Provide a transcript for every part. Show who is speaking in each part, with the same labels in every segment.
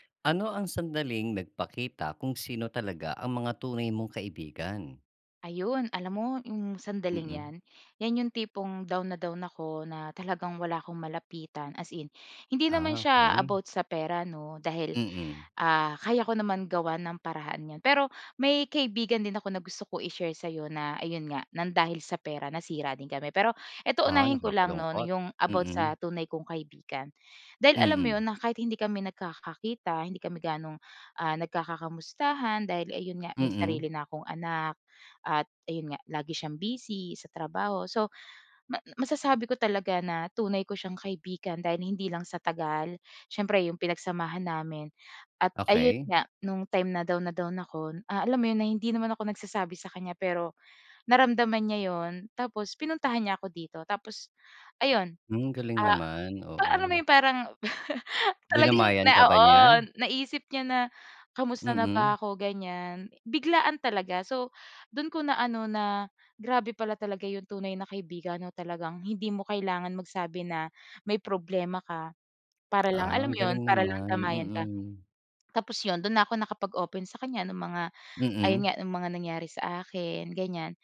Speaker 1: Ano ang sandaling nagpakita kung sino talaga ang mga tunay mong kaibigan?
Speaker 2: Ayun alam mo 'yong sandaling
Speaker 1: Mm.
Speaker 2: 'yan, 'yan 'yong tipong down na down ako na talagang wala ‘kong malapitan as in. Hindi naman
Speaker 1: Ah,
Speaker 2: siya
Speaker 1: okey.
Speaker 2: about sa pera 'no, dahil
Speaker 1: Mm.
Speaker 2: ah kaya ko naman gawan ng paraan 'yan. Pero may kaibigan din ako na gusto ko i-share sa 'yo na ayun nga, nang dahil sa pera nasira din kami. Pero eto
Speaker 1: Ah
Speaker 2: unahin ko lang 'no,
Speaker 1: nakakalungkot.
Speaker 2: 'yong about sa
Speaker 1: Mm.
Speaker 2: tunay kong kaibigan. Dahil alam mo 'yon,
Speaker 1: Mm.
Speaker 2: na kahit hindi kami nagkakakita, hindi kami gano'ng, ah nagkaka-kamustahan dahil ayun nga may
Speaker 1: Mm.
Speaker 2: sarili na akong anak. At ayun nga, lagi siyang busy sa trabaho. So ma masasabi ko talaga na tunay ko siyang kaibigan dahil hindi lang sa tagal, siyempre 'yong pinagsamahan namin at ayun
Speaker 1: Okey.
Speaker 2: nga, no'ng time na down na down ako, ah alam mo 'yon na hindi naman ako nagsasabi sa kanya pero naramdaman niya 'yon tapos pinuntahan niya ako dito. Tapos ayun,
Speaker 1: Hmm. Galing
Speaker 2: ah,
Speaker 1: naman,
Speaker 2: alam mo
Speaker 1: oo.
Speaker 2: 'yong parang talagang
Speaker 1: Dinamayan
Speaker 2: na
Speaker 1: ka ba
Speaker 2: oo,
Speaker 1: niya?
Speaker 2: naisip niya na kumusta na
Speaker 1: Mm.
Speaker 2: ba ako ganiyan. Biglaan talaga. So do'n ko na ano na grabe pala talaga 'yong tunay na kaibigan 'no, talagang hindi mo kailangan magsabi na may problema ka para lang
Speaker 1: Ah,
Speaker 2: alam
Speaker 1: ang
Speaker 2: mo 'yon
Speaker 1: galing
Speaker 2: para lang
Speaker 1: naman.
Speaker 2: damayan ka.
Speaker 1: Mm.
Speaker 2: Tapos 'yon, do'n na ako nakapag-open sa kaniya ng mga ayun
Speaker 1: Mm.
Speaker 2: nga, ng mga nangyari sa akin ganyan.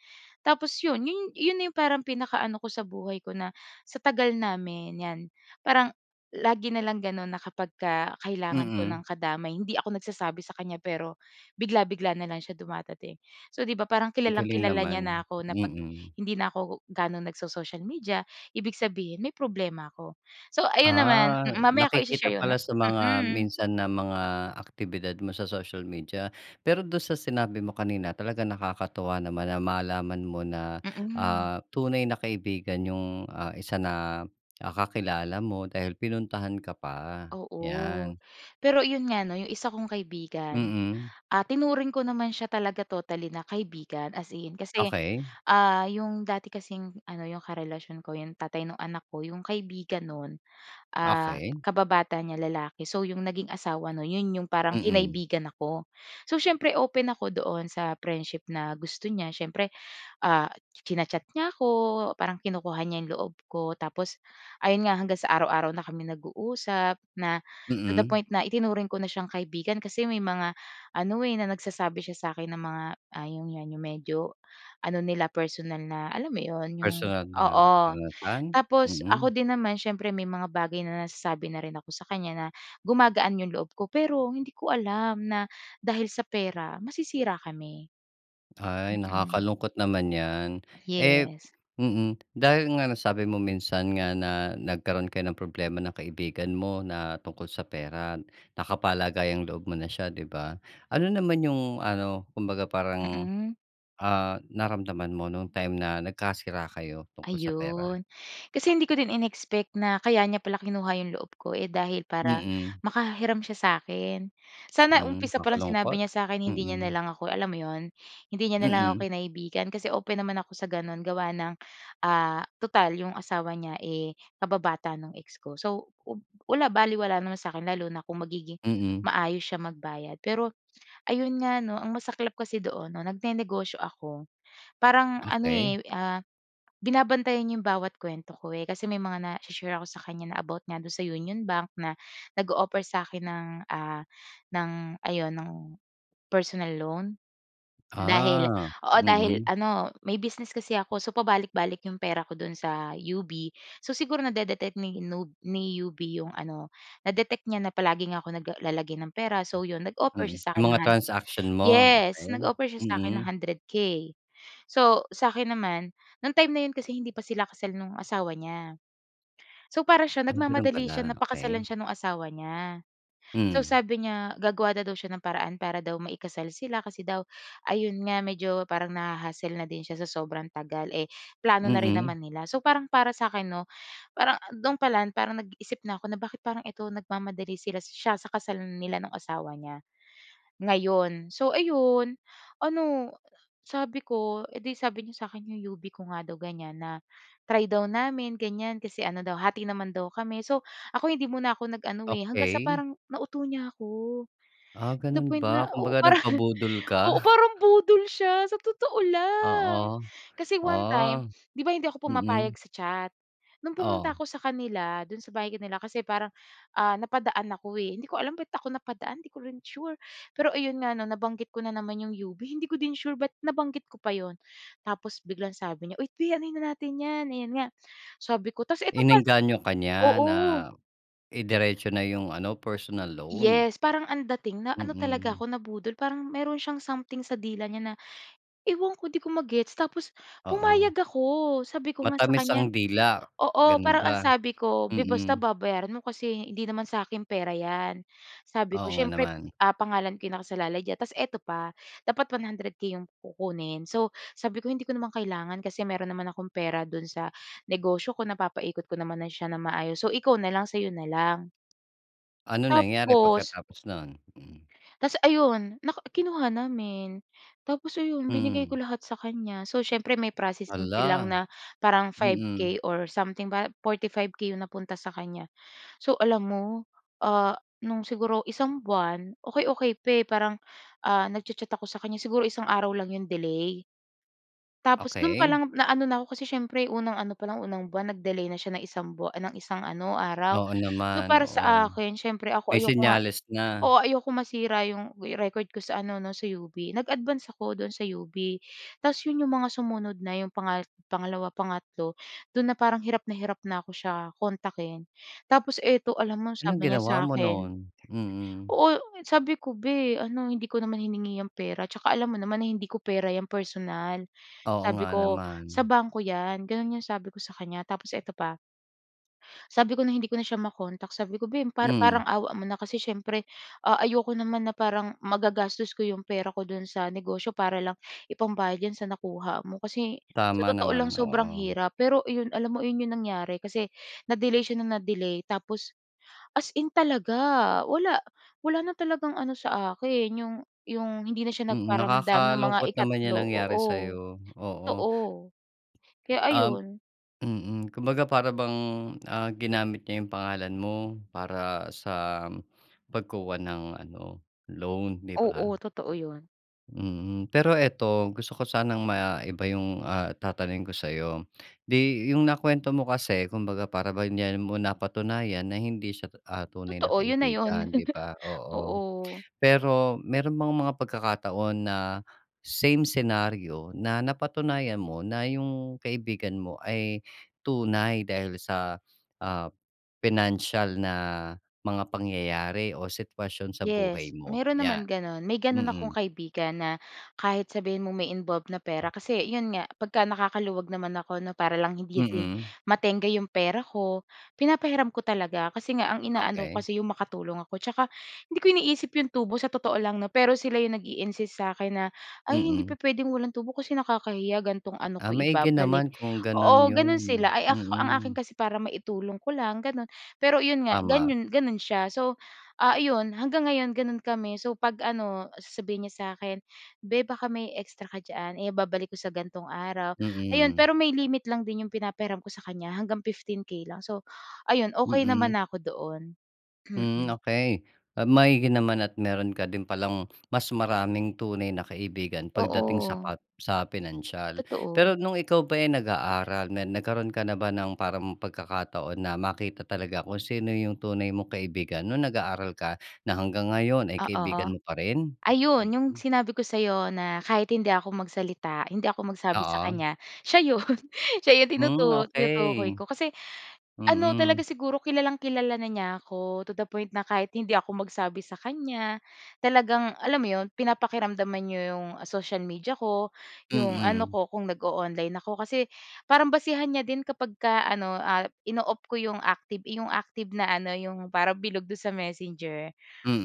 Speaker 2: Tapos 'yon, 'yon na 'yong parang pinaka-ano ko sa buhay ko na sa tagal namin 'yan parang lagi na lang gano'n na kapagka kailangan ko ng
Speaker 1: Mm.
Speaker 2: kadamay, hindi ako nagsasabi sa kaniya pero bigla-bigla na lang siya dumadating. So 'di ba parang
Speaker 1: Galing
Speaker 2: kilalang-kilala
Speaker 1: naman.
Speaker 2: niya na ako na 'pag
Speaker 1: Mm.
Speaker 2: hindi na ako ga'no nagso-social media, ibig sabihin may problema ako. So ayun naman,
Speaker 1: Ah,
Speaker 2: mm. Mamaya ko
Speaker 1: nakikita
Speaker 2: i-she-share 'yon.
Speaker 1: pala sa mga
Speaker 2: Mm.
Speaker 1: minsan na mga aktibidad mo sa social media. Pero do'n sa sinabi mo kanina, talagang nakakatuwa naman na malaman mo na,
Speaker 2: Mm.
Speaker 1: ah, tunay na kaibigan 'yong ah isa na ah kakilala mo dahil pinuntahan ka pa.
Speaker 2: Oo.
Speaker 1: 'Yan.
Speaker 2: Pero 'yon nga 'no, 'yong isa kong kaibigan,
Speaker 1: Mm.
Speaker 2: ah, tinuring ko naman siya talaga totally na kaibigan, as in. Kasi,
Speaker 1: Okey.
Speaker 2: ah 'yong dati kasing ano, ‘yong karelasyon ko, ‘yong tatay nung anak ko, 'yong kaibigan no'n, ah,
Speaker 1: Okey.
Speaker 2: kababata niya lalaki. So 'yong naging asawa no'n, 'yon 'yong parang
Speaker 1: Mm.
Speaker 2: kinaibigan ako. So siyempre open ako doon sa friendship na gusto niya. Siyempre, ah, china-chat niya ako, parang kinukuha niya 'yong loob ko. Tapos ayun nga, hanggang sa araw-araw na kami nag-uusap na to the
Speaker 1: Mm.
Speaker 2: point na itinuring ko na siyang kaibigan kasi may mga ano eh, na nagsasabi siya sa'kin ng mga ,ah, 'yon nga 'yong medyo ano nila, personal na alam mo 'yon 'yong
Speaker 1: Personal na
Speaker 2: oo.
Speaker 1: karanasan.
Speaker 2: Tapos ako
Speaker 1: Mm.
Speaker 2: din naman siyempre may mga bagay na nasasabi na rin ako sa kanya na gumagaan 'yong loob ko. Pero hindi ko alam na dahil sa pera masisira kami.
Speaker 1: Ay
Speaker 2: Mm.
Speaker 1: nakakalungkot naman 'yan. Eh,
Speaker 2: Yes.
Speaker 1: mm, dahil nga nasabi mo minsan nga na nagkaroon kayo ng problema ng kaibigan mo na tungkol sa pera. Nakapalagayang-loob mo na siya, 'di ba. Ano naman 'yong ano, kumbaga parang,
Speaker 2: Mm.
Speaker 1: ah naramdaman mo nung time na nagkasira kayo tungkol sa pera?
Speaker 2: Ayun, kasi hindi ko din in-expect na kaya niya pala kinuha 'yong loob ko eh, dahil para
Speaker 1: Mm.
Speaker 2: makahiram siya sa'kin. Sana
Speaker 1: Hmm,
Speaker 2: umpisa pa lang sinabi
Speaker 1: nakakalungkot.
Speaker 2: niya sa akin hindi niya na
Speaker 1: Mm.
Speaker 2: lang ako, alam mo 'yon, hindi niya na lang
Speaker 1: Mm.
Speaker 2: ako kinaibigan kasi open naman ako sa gano'n gawa ng, ah tutal 'yong asawa niya eh kababata nung ex ko. So ub wala balewala naman sa'kin lalo na kung magiging
Speaker 1: Mm.
Speaker 2: maayos siya magbayad. Pero ayun nga 'no, ang masaklap kasi doon 'no nag-ne-negosyo ako. Parang ano
Speaker 1: Okey.
Speaker 2: eh, ah binabantayan 'yong bawat kuwento ko eh kasi may mga na-i-she-share ako sa kanya na about nga do'n sa Union Bank na nag-o-offer sa akin ng ah, ng ayun, ng personal loan. Dahil
Speaker 1: Ah,
Speaker 2: oo, dahil
Speaker 1: mm.
Speaker 2: ano, may business kasi ako so pabalik-balik 'yong pera ko do'n sa UB. So siguro na-de-detect ni nub ni UB 'yong ano, na-detect niya na palagi nga ako nagla naglalagay ng pera. So 'yon, nag-offer
Speaker 1: Mm.
Speaker 2: siya sa
Speaker 1: ‘Yung
Speaker 2: akin ng
Speaker 1: mga
Speaker 2: han
Speaker 1: transaction mo.
Speaker 2: yes,
Speaker 1: Okey.
Speaker 2: nag-offer siya sa akin ng
Speaker 1: Mm.
Speaker 2: 100 K. So sa akin naman, no'ng time na 'yon kasi hindi pa sila kasal no'ng asawa niya. So, para siya,
Speaker 1: Ah, gano'n
Speaker 2: nagmamadali siya
Speaker 1: pala.
Speaker 2: na
Speaker 1: Okey.
Speaker 2: pakasalan siya nung asawa niya. So
Speaker 1: Hmm.
Speaker 2: sabi niya, gagawa na daw siya ng paraan para daw ma-i-kasal sila kasi daw ayun nga, medyo parang naha-hassle na din siya sa sobrang tagal. Eh, plano na rin
Speaker 1: Mhm.
Speaker 2: naman nila. So parang para sa 'kin 'no, parang do'n pala parang nag-iisip na ako na bakit parang ikaw nagmamadali sila siya sa kasal nila nung asawa niya ngayon. So ayun, ano sabi ko eh, di sabi niya sa akin 'yong UB ko nga daw ganyan. Na try daw namin ganyan, kasi ano daw hati naman daw kami. So ako, hindi muna ako nag eh. Hanggang sa
Speaker 1: Okey.
Speaker 2: parang nauto niya ‘ko.
Speaker 1: Ah
Speaker 2: To the
Speaker 1: ganun
Speaker 2: point na
Speaker 1: ba.
Speaker 2: oo,
Speaker 1: Kumbaga
Speaker 2: parang
Speaker 1: nagpabudol
Speaker 2: oo,
Speaker 1: ka.
Speaker 2: parang budol siya sa totoo lang.
Speaker 1: Oo.
Speaker 2: Kasi one time,
Speaker 1: Oh.
Speaker 2: 'di ba hindi ako pumapayag
Speaker 1: Mm.
Speaker 2: sa chat. No'ng pumunta
Speaker 1: Oh.
Speaker 2: ako sa kanila, do'n sa bahay nila kasi parang, ah, napadaan ako eh. Hindi ko alam ba't ako napadaan, 'di ko rin sure. Pero ayun nga 'no, nabanggit ko na naman 'yong UB. Hindi ko din sure ba't nabanggit ko pa 'yon. Tapos biglang sabi niya, "Uy, 'te anuhin na natin 'yan." Ayan nga, sabi ko. Tapos eto pa
Speaker 1: Inengganyo ka niya
Speaker 2: oo.
Speaker 1: na i-diretso na 'yong ano, personal loan.
Speaker 2: Yes, parang ang dating na ano talaga
Speaker 1: Mm.
Speaker 2: ako nabudol. Parang mayroon siyang something sa dila niya na, ewan ko 'di ko ma-gets tapos
Speaker 1: Oo.
Speaker 2: pumayag ako. Sabi ko nga sa
Speaker 1: Matamis
Speaker 2: kanya
Speaker 1: ang dila.
Speaker 2: oo,
Speaker 1: Gano'n
Speaker 2: parang ang
Speaker 1: ba?
Speaker 2: sabi ko, “Beh basta
Speaker 1: Mm.
Speaker 2: babayaran mo kasi hindi naman sa akin pera 'yan.” Sabi ko,
Speaker 1: Oo nga
Speaker 2: “Siyempre,
Speaker 1: naman.
Speaker 2: ah, pangalan ko nakasalalay diyan.” Tapos eto pa, dapat 100K 'yong kukunin. So sabi ko, “Hindi ko naman kailangan kasi meron naman akong pera do'n sa negosyo ko napapaikot ko naman na siya nang maayos. So ikaw na lang sa 'yo na lang.”
Speaker 1: Ano nangyari
Speaker 2: Tapos
Speaker 1: pagkatapos no'n? Hmm.
Speaker 2: Tas ayun. Nak kinuha namin, tapos ayun binigay
Speaker 1: Mm.
Speaker 2: ko lahat sa kanya. So siyempre may processing fee lang
Speaker 1: Hala.
Speaker 2: na parang five
Speaker 1: Mm.
Speaker 2: K or something ba? 45K 'yong napunta sa kanya. So alam mo, ah, no'ng siguro isang buwan, okey okey pa eh. Parang, ah nagcha-chat ako sa kaniya. Siguro isang araw lang 'yong delay. Tapos do'n pa
Speaker 1: Okey.
Speaker 2: lang na-ano na ako kasi siyempre unang ano palang, unang buwan nag-delay na siya ng isang buwa ng isang ano, araw.
Speaker 1: Oo
Speaker 2: So
Speaker 1: naman,
Speaker 2: para
Speaker 1: oo.
Speaker 2: sa akin, siyempre ako
Speaker 1: May
Speaker 2: ayoko nga
Speaker 1: senyales na.
Speaker 2: oo, ayokong masira 'yong record ko sa ano 'no, sa UB. Nag-advance ako do'n sa UB, ta’s 'yon 'yong mga sumunod na 'yong panga pangalawa, pangatlo, do'n na parang hirap na hirap na ‘ko siya kontakin. Tapos eto, alam mo
Speaker 1: Anong
Speaker 2: sabi niya sa
Speaker 1: ginawa mo
Speaker 2: akin,
Speaker 1: noon? Mm.
Speaker 2: oo sabi ko, “Beh, ano hindi ko naman hiningi 'yang pera tsaka alam mo naman na hindi ko pera 'yan personal.”
Speaker 1: Oo nga
Speaker 2: Sabi ko, “Sa
Speaker 1: naman.
Speaker 2: bangko 'yan.” ‘Yan 'yong sabi ko sa kanya. Tapos eto pa. Sabi ko no’ng hindi ko na siya ma-contact, sabi ko, “Beh, pa
Speaker 1: Hmm.
Speaker 2: parang awa mo na kasi siyempre ah ayoko naman na parang magagastos ko 'yong pera ko do'n sa negosyo para lang ipambayad diyan sa nakuha mo.” Kasi sa
Speaker 1: Tama
Speaker 2: totoo lang
Speaker 1: naman,
Speaker 2: sobrang
Speaker 1: oo.
Speaker 2: hirap pero 'yon alam mo 'yon 'yong nangyari kasi na-delay siya ng na-delay tapos as in talaga. Wala, wala na talagang ano sa akin. ‘Yong 'yong hindi na siya
Speaker 1: Mm.
Speaker 2: nagparamdam nung mga
Speaker 1: Nakakalungkot naman 'yang
Speaker 2: ikatlo,
Speaker 1: nangyari
Speaker 2: oo.
Speaker 1: sa'yo. Oo.
Speaker 2: Totoo, kaya
Speaker 1: Um,
Speaker 2: ayun.
Speaker 1: mm. Kumbaga para bang, ah ginamit niya 'yong pangalan mo para sa pagkuha ng ano, loan, 'di ba?
Speaker 2: Oo, totoo 'yon.
Speaker 1: Mm, pero ito gusto ko sanang maiba 'yong ah, tatanungin ko sa'yo. 'Di 'yong nakuwento mo kasi kumbaga para bang diyan mo napatunayan na hindi siya, ah, tunay na
Speaker 2: Totoo, 'yon na 'yon.
Speaker 1: kaibigan 'di ba, oo.
Speaker 2: Oo.
Speaker 1: Pero meron bang mga pagkakataon na same senaryo na napatunayan mo na 'yong kaibigan mo ay tunay dahil sa, ah, pinansiyal na mga pangyayari o sitwasyon sa
Speaker 2: Yes,
Speaker 1: buhay mo,
Speaker 2: meron
Speaker 1: yan?
Speaker 2: naman gano'n. May gano'n akong
Speaker 1: Mm.
Speaker 2: kaibigan na kahit sabihin mo may involved na pera. Kasi 'yon nga 'pagka nakakaluwag naman ako 'no, para lang hindi din
Speaker 1: Mm.
Speaker 2: matengga 'yong pera ko, pinapahiram ko talaga kasi nga ang inaano ko
Speaker 1: Okey.
Speaker 2: kasi 'yong makatulong ako, 'tsaka hindi ko iniisip 'yong tubo sa totoo lang 'no, pero sila 'yong nag-iinsist sa akin na, "Ay, hindi
Speaker 1: Mm.
Speaker 2: pupuwedeng walang tubo kasi nakakahiya ganitong ano
Speaker 1: Ah,
Speaker 2: ko
Speaker 1: maigi naman
Speaker 2: ibabalik."
Speaker 1: kung gano'n
Speaker 2: oo, gano'n
Speaker 1: yon.
Speaker 2: sila, ay ak ang akin
Speaker 1: Mm.
Speaker 2: kasi para maitulong ko lang gano'n. Pero iyon nga
Speaker 1: Tama.
Speaker 2: ganyun gano'n siya. So ah, iyon hanggang ngayon, gano'n kami. So 'pag ano sasabihin niya sa akin, "Be, baka may extra ka diyan, eh babalik ko sa ganitong araw." ayon
Speaker 1: Mm.
Speaker 2: pero may limit lang din 'yong pinapahiram ko sa kanya hanggang ₱15,000 lang. So ayon, okey
Speaker 1: Mm.
Speaker 2: naman na ako doon.
Speaker 1: Hmm,
Speaker 2: Mm.
Speaker 1: okey. Ah, maigi naman at meron ka din palang mas maraming tunay na kaibigan pagdating sa
Speaker 2: Oo.
Speaker 1: pa sa pinansiyal.
Speaker 2: Totoo.
Speaker 1: Pero nung ikaw ba eh, nag-aaral na nagkaroon ka na ba ng parang pagkakataon na makita talaga kung sino 'yong tunay mong kaibigan nung nag-aaral ka na hanggang ngayon ay kaibigan
Speaker 2: Oo.
Speaker 1: mo pa rin?
Speaker 2: Ayun 'yong
Speaker 1: Mhm.
Speaker 2: sinabi ko sa'yo na kahit hindi ako magsalita, hindi ako magsabi sa
Speaker 1: Oo.
Speaker 2: kanya, siya 'yon, 'siya yong tinutu
Speaker 1: Hmm,
Speaker 2: tinutukoy
Speaker 1: okey.
Speaker 2: ko. Kasi ano talaga
Speaker 1: Mm.
Speaker 2: siguro kilalang-kilala na niya ako to the point na kahit hindi ako magsabi sa kanya, talagang alam mo 'yon pinapakiramdaman n'ya 'yong social media ko, 'yong ano
Speaker 1: Mm.
Speaker 2: ko kung nag-oonline ako. Kasi parang basehan niya din kapagka ano, ah, ino-off ko 'yong active 'yong active na ano 'yong parang bilog do'n sa Messenger.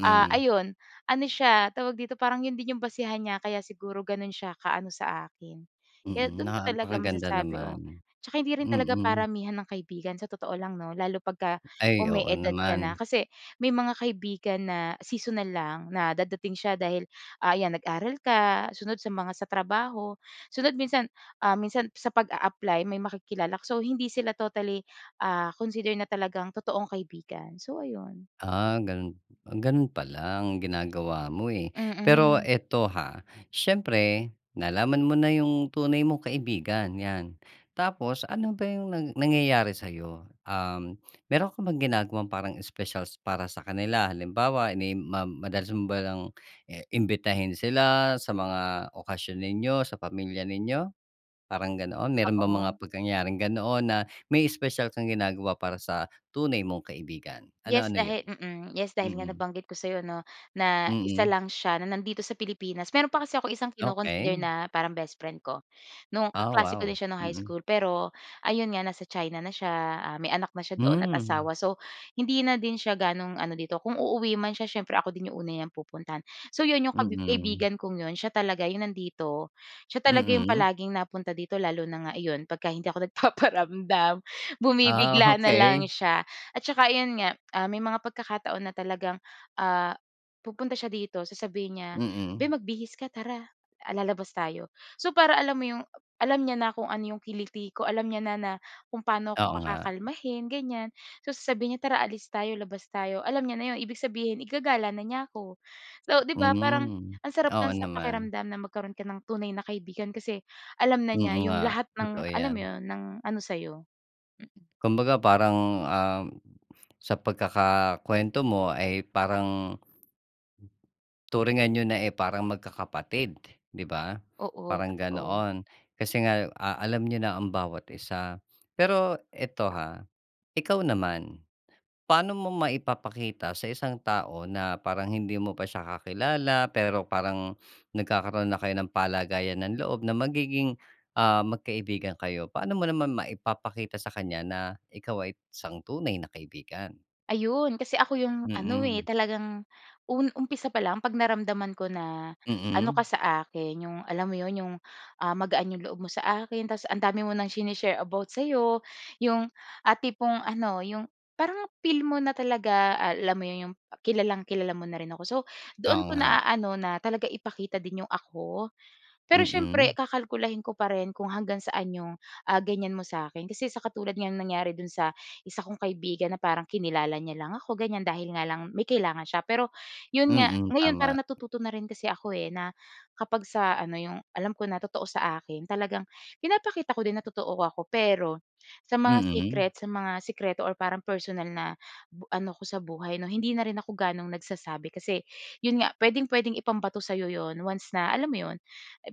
Speaker 2: Ah, ayon, ano siya tawag dito parang 'yon din 'yong basehan niya kaya siguro gano'n siya kaano sa akin. Kaya
Speaker 1: Mm,
Speaker 2: do'n ko talaga
Speaker 1: napakaganda
Speaker 2: masasabi o
Speaker 1: naman.
Speaker 2: 'tsaka hindi rin talaga
Speaker 1: Mm.
Speaker 2: paramihan ng kaibigan sa totoo lang 'no, lalo 'pagka
Speaker 1: Ay, oo
Speaker 2: umi-edad ka na,
Speaker 1: naman.
Speaker 2: kasi may mga kaibigan na seasonal lang na dadating siya dahil, ah, ayan nag-aral ka, sunod sa mga sa trabaho, sunod minsan, ah, minsan sa pag-aapply may makikilala ka. So hindi sila totally ah, consider na talagang totoong kaibigan. So, ayon.
Speaker 1: Ah, gano'n gano'n pala ang ginagawa mo eh. Pero
Speaker 2: Mm.
Speaker 1: ito ha, siyempre nalaman mo na 'yong tunay mong kaibigan 'yan, tapos ano ba 'yong nang nangyayari sa'yo? Um, meron ka bang ginagawang parang espesyal para sa kanila? Halimbawa ini ma madalas mo bang i imbitahin sila sa mga okasyon ninyo, sa pamilya ninyo, parang ganoon? Meron bang mga
Speaker 2: Oo.
Speaker 1: pagyayaring ganoon na may espesyal kang ginagawa para sa tunay mong kaibigan,
Speaker 2: Yes
Speaker 1: ano-ano 'yon?
Speaker 2: dahil, mm. Yes, dahil nga
Speaker 1: Mm.
Speaker 2: nabanggit ko sa'yo 'no, na isa
Speaker 1: Mm.
Speaker 2: lang siya na nandito sa Pilipinas. Meron pa kasi akong isang kino-consider
Speaker 1: Okey.
Speaker 2: na parang best friend ko. Nung
Speaker 1: Ah,
Speaker 2: kaklase ko din
Speaker 1: wow.
Speaker 2: siya nung high
Speaker 1: Mm.
Speaker 2: school, pero ayon nga nasa China na siya, ah, may anak na siya doon at
Speaker 1: Hmm.
Speaker 2: asawa. So, hindi na din siya gaanong ano dito, kung uuwi man siya siyempre ako din 'yong una niyang pupuntahan. So 'yon 'yong kabi
Speaker 1: Mhm.
Speaker 2: kaibigan kong 'yon siya talaga 'yong nandito, siya talaga 'yong
Speaker 1: Mm.
Speaker 2: palaging napunta dito lalo na nga iyon 'pagka hindi ako nagpaparamdam,
Speaker 1: Ah,
Speaker 2: bumibigla na lang
Speaker 1: okey.
Speaker 2: siya at saka 'yon nga ah, may mga pagkakataon na talagang ah, pupunta siya dito, sasabihin niya, "Be,
Speaker 1: Mm.
Speaker 2: magbihis ka tara, ah, lalabas tayo." so para alam mo 'yong, alam niya na kung ano 'yong kiliti ko. Alam niya na, na kung paano ako
Speaker 1: Oo nga.
Speaker 2: pakakalmahin, ganyan. So sasabihin niya, "Tara alis tayo, labas tayo." alam niya na 'yon, ibig sabihin igagala na niya ako. So di ba, parang
Speaker 1: Hmm.
Speaker 2: ang sarap
Speaker 1: Oo
Speaker 2: lang sa
Speaker 1: naman.
Speaker 2: pakiramdam na magkaroon ka ng tunay na kaibigan, kasi alam na
Speaker 1: Mm,
Speaker 2: niya
Speaker 1: nga.
Speaker 2: 'yong lahat
Speaker 1: Totoo
Speaker 2: ng alam mo
Speaker 1: yan.
Speaker 2: 'yon, ng ano sa'yo. Mm.
Speaker 1: Kumbaga parang ah, sa pagkakakuwento mo ay parang turingan niyo na eh, parang magkakapatid di ba,
Speaker 2: Oo,
Speaker 1: parang
Speaker 2: totoo.
Speaker 1: ganoon. Kasi nga ah, alam ninyo na ang bawat isa. Pero ito ha, ikaw naman, paano mo maipapakita sa isang tao na parang hindi mo pa siya kakilala, pero parang nagkakaroon na kayo ng palagayan ng loob na magiging ah, magkaibigan kayo. Paano mo naman maipapakita sa kanya na ikaw ay isang tunay na kaibigan?
Speaker 2: Ayon kasi, ako, ‘yong ano,
Speaker 1: Mm.
Speaker 2: eh, talagang un umpisa pa lang, ‘pag naramdaman ko na, ano ka
Speaker 1: Mm.
Speaker 2: sa akin, ‘yong, alam mo ‘yon, ‘yong, ah, magaan ‘yong loob mo sa akin. Tapos, ang dami mo ng sini-share about sa’yo. ‘Yong, ah, tipong, ano, ‘yong parang feel mo na talaga, alam mo ‘yong, kilalang-kilala mo na rin ako. So, doon
Speaker 1: Oo,
Speaker 2: ko
Speaker 1: nga.
Speaker 2: na-aano, na talaga ipakita din ‘yong ako. Pero siyempre,
Speaker 1: Mm.
Speaker 2: kakalkulahin ko pa rin, kung hanggang saan 'yong, ah, ganyan mo sa akin. Kasi sa katulad nga no'ng nangyari do’n sa isa kong kaibigan, na parang kinilala niya lang ako, ganyan, dahil nga lang may kailangan siya. Pero ‘yon nga,
Speaker 1: Mm,
Speaker 2: ngayon,
Speaker 1: tama.
Speaker 2: parang natututo na rin kasi ako, eh, na kapag sa ano ‘yong, alam ko na totoo sa akin, talagang pinapakita ko din na totoo ako. Pero sa mga
Speaker 1: Mm.
Speaker 2: secret, sa mga sikreto or parang personal na bu ano ko sa buhay, ‘no, hindi na rin ako gaanong nagsasabi. Kasi ‘yon nga, puwedeng-puwede ipambato sa’yo ‘yon, once na alam mo ‘yon.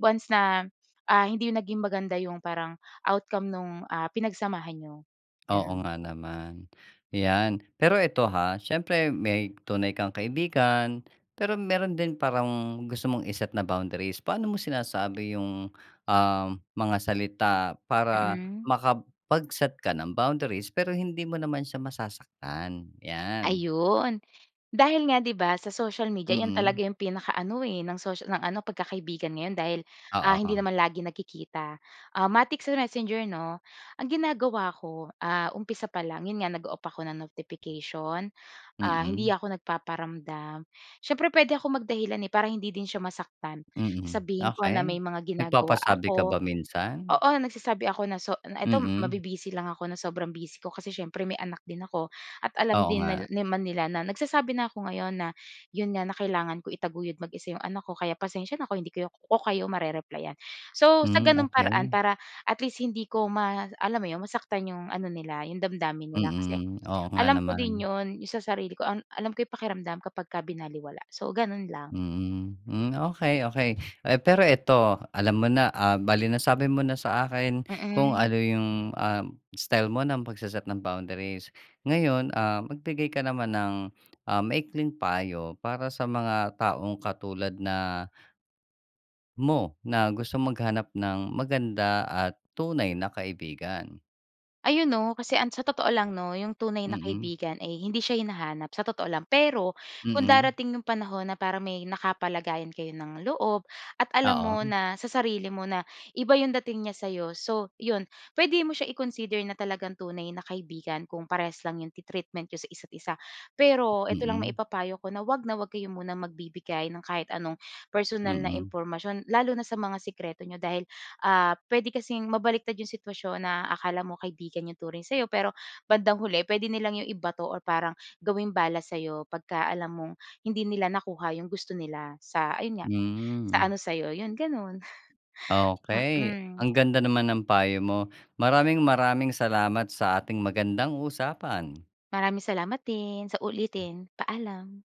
Speaker 2: Once na, ah, hindi naging maganda 'yong parang outcome no'ng, ah, pinagsamahan niyo,
Speaker 1: Oo
Speaker 2: gano’n.
Speaker 1: nga naman, ‘yan. Pero eto, ha, siyempre, may tunay kang kaibigan, pero meron din parang gusto mong i-set na boundaries. Paano mo sinasabi ‘yong, ah, mga salita para
Speaker 2: Mm.
Speaker 1: makapag-set ng boundaries, pero hindi mo naman siya masasaktan? 'Yan.
Speaker 2: Ayun. Dahil nga, ‘di ba, sa social media, iyon
Speaker 1: Mm.
Speaker 2: talaga ‘yong pinaka ano, eh, ng socia ng ano, pagkakaibigan ngayon, dahil, ah, hindi
Speaker 1: Oo.
Speaker 2: naman lagi nagkikita. Ah, matik sa Messenger, ‘no. Ang ginagawa ko, ah, umpisa pa lang, ‘yon nga, nag-o-off ako ng notification, ah, hindi
Speaker 1: Mm.
Speaker 2: ako nagpaparamdam. Siyempre, puwede akong mag-dahilan, eh, para hindi din siya masaktan.
Speaker 1: Mm,
Speaker 2: Sasabihin ko na
Speaker 1: okey,
Speaker 2: may mga ginagawa
Speaker 1: nagpapasabi ka
Speaker 2: ako.
Speaker 1: ba minsan?
Speaker 2: Oo, nagsasabi ako na, so na ito
Speaker 1: Mm.
Speaker 2: mabi-busy lang ako, na sobrang busy ko kasi siyempre, may anak din ako. At alam
Speaker 1: Oo
Speaker 2: din nil
Speaker 1: nga.
Speaker 2: naman nila na nagsasabi na 'ko ngayon na, ‘yon nga, na kailangan ko itaguyod mag-isa ‘yong anak ko. Kaya, pasensya na kung hindi kayo ko kayo mare-replyan. So, sa
Speaker 1: Hmm,
Speaker 2: gano’n paraan,
Speaker 1: okey.
Speaker 2: para at least, hindi ko ma alam mo ‘yon, masaktan ‘yong ano nila, ‘yong damdamin nila. Kasi
Speaker 1: Mm, oo nga
Speaker 2: alam ko din
Speaker 1: naman.
Speaker 2: ‘yon, 'yon sa sarili ko, an alam ko’y pakiramdam kapag ka binalewala. So, gano’n lang.
Speaker 1: Mm. Hmm, okey, okey. Eh, pero eto, alam mo na, ah, bale nasabi mo na sa akin, kung
Speaker 2: Mm.
Speaker 1: ano 'yong, ah, style mo ng pagse-set ng boundaries. Ngayon, ah, magbigay ka naman ng, ah, maikling payo para sa mga taong katulad na mo, na gustong maghanap ng maganda at tunay na kaibigan?
Speaker 2: Ayun, ‘no, kasi ang sa totoo lang, ‘no, ‘yong tunay na
Speaker 1: Mm.
Speaker 2: kaibigan ay hindi siya hinahanap, sa totoo lang. Pero kung
Speaker 1: Mm.
Speaker 2: darating ‘yong panahon na para may nakapalagayan kayo ng loob, at alam mo
Speaker 1: Oo.
Speaker 2: na sa sarili mo na iba ‘yong dating niya sa’yo, so ‘yon. Puwede mo siya i-consider na talagang tunay na kaibigan kung parehas lang ‘yong treatment n'yo sa isa’t-isa. Pero ito lang
Speaker 1: Mm.
Speaker 2: maipapayo ko, na ‘wag na ‘wag kayo muna magbibigay ng kahit anong personal na
Speaker 1: Mm.
Speaker 2: impormasyon, lalo na sa mga sikreto n’yo. Dahil, ah, puwede kasing mabaligtad ‘yong sitwasyon na akala mo kaibigan ‘yong turing sa’yo, pero bandang huli, puwede nilang ‘yong ibato or parang gawing bala sa’yo, 'pagka alam mong hindi nila nakuha ‘yong gusto nila, sa ayon nga, sa
Speaker 1: Hmm.
Speaker 2: ano, sa’yo. ‘Yon, gano’n.
Speaker 1: Okey,
Speaker 2: Mm.
Speaker 1: ang ganda naman ng payo mo. Maraming-maraming salamat sa ating magandang usapan.
Speaker 2: Maraming salamat din, sa uulitin. Paalam.